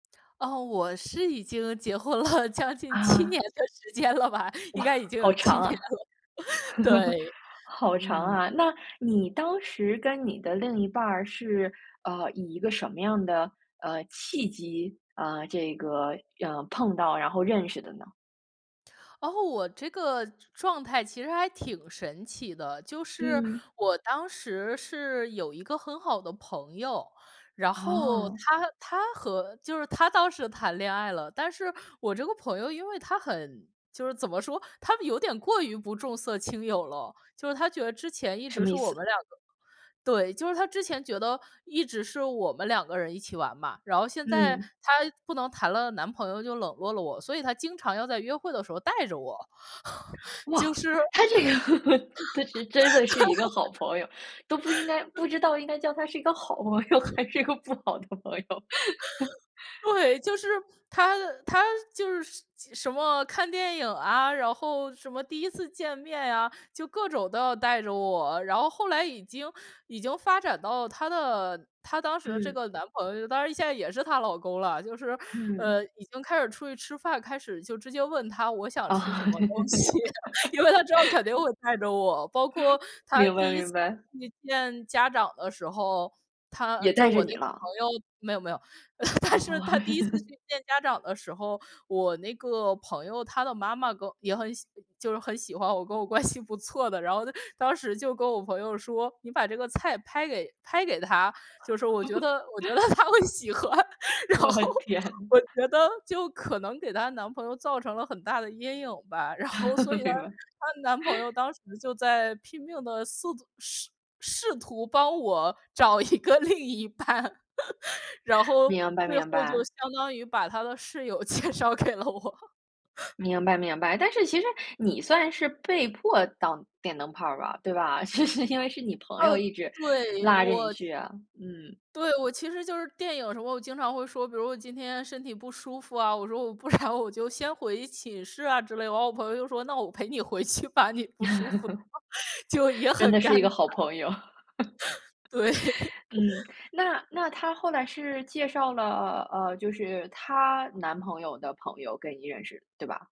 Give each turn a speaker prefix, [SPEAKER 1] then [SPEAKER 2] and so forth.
[SPEAKER 1] 哦，我是已经结婚了将近7
[SPEAKER 2] 啊。
[SPEAKER 1] 年的时间了吧，应
[SPEAKER 2] 哇，
[SPEAKER 1] 该已经
[SPEAKER 2] 好
[SPEAKER 1] 有7
[SPEAKER 2] 长
[SPEAKER 1] 年了。
[SPEAKER 2] 啊，
[SPEAKER 1] 对。
[SPEAKER 2] 好长
[SPEAKER 1] 嗯。
[SPEAKER 2] 啊。那你当时跟你的另一半儿是，呃，以一个什么样的，呃，契机，呃，这个，呃，碰到，然后认识的呢？
[SPEAKER 1] 哦，我这个状状态其实还挺神奇的，就是
[SPEAKER 2] 嗯。
[SPEAKER 1] 我当时是有一个很好的朋友，然后
[SPEAKER 2] 哦。
[SPEAKER 1] 她她和就是她当时谈恋爱了。但是我这个朋友因为她很就是怎么说，她们有点过于不重色轻友了，就是她觉得之前一
[SPEAKER 2] 什
[SPEAKER 1] 直
[SPEAKER 2] 么
[SPEAKER 1] 是
[SPEAKER 2] 意
[SPEAKER 1] 我
[SPEAKER 2] 思？
[SPEAKER 1] 们两个对，就是她之前觉得一直是我们两个人一起玩嘛，然后现在
[SPEAKER 2] 嗯。
[SPEAKER 1] 她不能谈了男朋友就冷落了我，所以她经常要在约会的时候带着我。就
[SPEAKER 2] 哇，
[SPEAKER 1] 是
[SPEAKER 2] 她
[SPEAKER 1] 对。
[SPEAKER 2] 这个，她是真的是一个好朋友，都不应该 不知道应该叫她是一个好朋友，还是一个不好的朋友。
[SPEAKER 1] 对，就 是她她就是什什么看电影啊，然后什么第1次见面啊，就各种都要带着我。然后后来已经已经发展到她的她当时这
[SPEAKER 2] 嗯。
[SPEAKER 1] 个男朋友，当然现在也是她老公了。就是，
[SPEAKER 2] 嗯。
[SPEAKER 1] 呃，已经开始出去吃饭，开始就直接问她我想
[SPEAKER 2] 哦。
[SPEAKER 1] 吃什么东 西，因为她之后肯定会带着我。包括他
[SPEAKER 2] 明白，
[SPEAKER 1] 第1
[SPEAKER 2] 明
[SPEAKER 1] 次
[SPEAKER 2] 白。
[SPEAKER 1] 去见家长的时候，她
[SPEAKER 2] 也
[SPEAKER 1] 就是
[SPEAKER 2] 带着
[SPEAKER 1] 我那
[SPEAKER 2] 你
[SPEAKER 1] 个朋
[SPEAKER 2] 了。
[SPEAKER 1] 友没有，没有。但
[SPEAKER 2] 哦。
[SPEAKER 1] 是他第1次 去见家长的时候，我那个朋友，她的妈妈跟也很喜就是很喜欢我，跟我关系不错的，然后呢，当时就跟我朋友说：“你把这个菜拍给拍给她。”就说：“我觉得我觉得 她会喜欢。”然
[SPEAKER 2] 我
[SPEAKER 1] 后
[SPEAKER 2] 天。
[SPEAKER 1] 我觉得就可能给她男朋友造成了很大的阴影吧。然后所以 呢，
[SPEAKER 2] 明白。
[SPEAKER 1] 她男朋友 当时就在拼命地四图试试图帮我找一个另一半。然后
[SPEAKER 2] 明白，
[SPEAKER 1] 最后
[SPEAKER 2] 明
[SPEAKER 1] 就
[SPEAKER 2] 白。
[SPEAKER 1] 相当于把他的室友介绍给了我。
[SPEAKER 2] 明白，明白，但是其实你算是被迫当电灯泡儿吧，对吧？就是因为是你朋
[SPEAKER 1] 哦，
[SPEAKER 2] 友一直
[SPEAKER 1] 对，
[SPEAKER 2] 拉着你
[SPEAKER 1] 我
[SPEAKER 2] 去啊。嗯。
[SPEAKER 1] 对，我其实就是电影有时候我经常会说，比如我今天身体不舒服啊，我说：“我不然我就先回寝室啊。”之类。然后我朋友就说：“那我陪你回去吧，你不舒服。”就 也
[SPEAKER 2] 真
[SPEAKER 1] 很
[SPEAKER 2] 的
[SPEAKER 1] 尴
[SPEAKER 2] 是一个
[SPEAKER 1] 尬，
[SPEAKER 2] 好朋友。
[SPEAKER 1] 对。
[SPEAKER 2] 嗯，那那她后来是介绍了，呃，就是她男朋友的朋友跟你认识，对吧？